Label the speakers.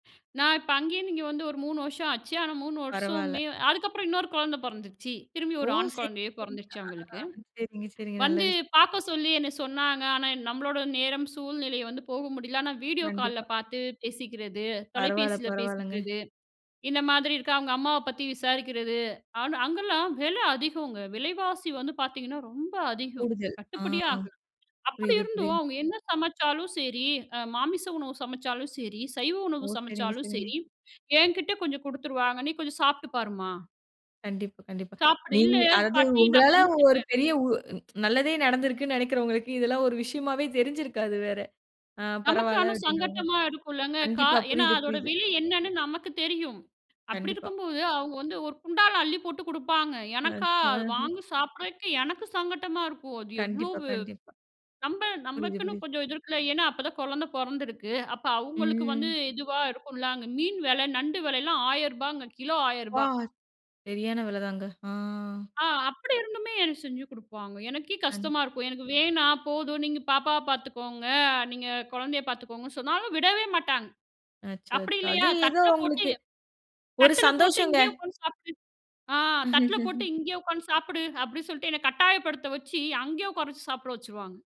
Speaker 1: நான் இப்ப, அங்கேந்து இங்க வந்து ஒரு 3 வருஷம் ஆச்சு. ஆனா 3
Speaker 2: பரவால்ல.
Speaker 1: வருஷமே அதுக்கப்புறம் இன்னொரு குழந்த பொறந்துச்சு. திரும்பி
Speaker 2: ஓ!
Speaker 1: ஒரு ஆண்
Speaker 2: செரி,
Speaker 1: குழந்தயே
Speaker 2: செரிங்க.
Speaker 1: பொறந்துடுச்சு.
Speaker 2: ஆஹா
Speaker 1: அவங்களுக்கு
Speaker 2: செரிங்க, செரிங்க நல்ல
Speaker 1: வந்து
Speaker 2: விஷ்யம்.
Speaker 1: பாக்கச் சொல்லி என்ன சொன்னாங்க. ஆனா எ நம்மளோட நேரம் சூழ்நிலை வந்து போக முடியல. ஆனா விடியோ கால்ல
Speaker 2: கண்டிப்பா.
Speaker 1: பாத்து பேசிக்குறது,
Speaker 2: பரவால்ல,
Speaker 1: தொலைபேசியில
Speaker 2: பரவால்லங்க.
Speaker 1: பேசிக்குறது. இந்த மாதிரி இருக்க அவங்க அம்மாவ பத்தி விசாரிக்குறது. ஆனா அங்கலாம் வில அதிகங்க. விலைவாசி வந்து பாத்தீங்கன்னா ரொம்ப அதிகம்.
Speaker 2: கூடுதல். ஆ,
Speaker 1: கட்டுப்படியே
Speaker 2: ஆ
Speaker 1: ஆகல. அப்டி
Speaker 2: புரியுது,
Speaker 1: இருந்தும்
Speaker 2: புரியுது.
Speaker 1: அவங்க என்ன சமைச்சாலும் சரி. அ மாமிசம் உணவு சமைச்சாலும் சரி, சைவ
Speaker 2: ஓ!
Speaker 1: உணவு
Speaker 2: செரிங்க,
Speaker 1: சமைச்சாலும்
Speaker 2: செரிங்க.
Speaker 1: சரி, என்கிட்ட கொஞ்சம் குடுத்துருவாங்க. "நீ கொஞ்சம் சாப்ட்டு பாருமா."
Speaker 2: கண்டிப்பா, கண்டிப்பா.
Speaker 1: சாப்பிடு. "இல்ல,
Speaker 2: நீங்க அதாவது
Speaker 1: பாட்டி நான்
Speaker 2: உங்களால ஒரு
Speaker 1: சமைச்சிட்டேன்."
Speaker 2: பெரிய உ நல்லதே நடந்திருக்குன்னு நெனைக்குறவங்களுக்கு இதெல்லாம் ஒரு விஷயமாவே தெரிஞ்சுருக்காது வேற. அ,
Speaker 1: நமக்கு
Speaker 2: பரவால்ல
Speaker 1: ஆனா
Speaker 2: அப்டின்ற மாரி.
Speaker 1: சங்கட்டமா இருக்குலங்க. கா
Speaker 2: கண்டிப்பா
Speaker 1: ஏன்னா
Speaker 2: புரியுது,
Speaker 1: அதோட
Speaker 2: புரியுது.
Speaker 1: விலை என்னன்னு நமக்குத் தெரியும். அப்டி
Speaker 2: கண்டிப்பா.
Speaker 1: இருக்கும்போது அவங்க வந்து ஒரு குண்டால அள்ளிப் போட்டு குடுப்பாங்க.
Speaker 2: அ
Speaker 1: எனக்கா, அத
Speaker 2: ஆஹ.
Speaker 1: வாங்கி சாப்பிடறக்கு எனக்கு சங்கடமா இருக்கும். அது
Speaker 2: கண்டிப்பா,
Speaker 1: எவ்ளோவு
Speaker 2: கண்டிப்பா.
Speaker 1: நம்மள்
Speaker 2: புரியுது,
Speaker 1: நமக்குன்னு
Speaker 2: புரியுது.
Speaker 1: கொஞ்சம் இது இருக்கு. ஏன்னா அப்ப தான் குழந்த பொறந்துருக்கு. அப்ப அவங்களுக்கு வந்து
Speaker 2: ம்.
Speaker 1: இதுவா இருக்கும். அங்க மீன் வெல, நண்டு வெலலாம் ரூ.1,000 கிலோ
Speaker 2: ப்பா!
Speaker 1: ரூ.1,000
Speaker 2: செரியான வெலதாங்க. ஆ.
Speaker 1: அ அப்டி இருந்துமே எனக்கு செஞ்சு கொடுப்பாங்க. எனக்கே
Speaker 2: கண்
Speaker 1: கஷ்டமா இருக்கும். "எனக்கு வேணாம். போதும். நீங்கப் பாப்பாவப் பாத்துக்கோங்க. நீங்கக் குழந்தயப் பாத்துக்கோங்க." சொன்னாலும் விடவே மாட்டாங்க.
Speaker 2: அச்சோ!
Speaker 1: அப்டி
Speaker 2: அச்சோ! அது
Speaker 1: இல்லயா?
Speaker 2: ஏதோ
Speaker 1: தட்டுல
Speaker 2: அவங்களுக்கு.
Speaker 1: போட்டுத்
Speaker 2: ஒரு
Speaker 1: தட்டுல போட்டு
Speaker 2: சந்தோஷங்க.
Speaker 1: "இங்கயே உக்காந்து சாப்பிடு." ஆ, தட்டுல போட்டு "இங்க உக்காந்து சாப்பிடு." அப்டின்னு சொல்ட்டு என்னக் கட்டாயப்படுத்த வெச்சு, அங்கயே உக்கார வெச்சு சாப்பிட வெச்சுருவாங்க.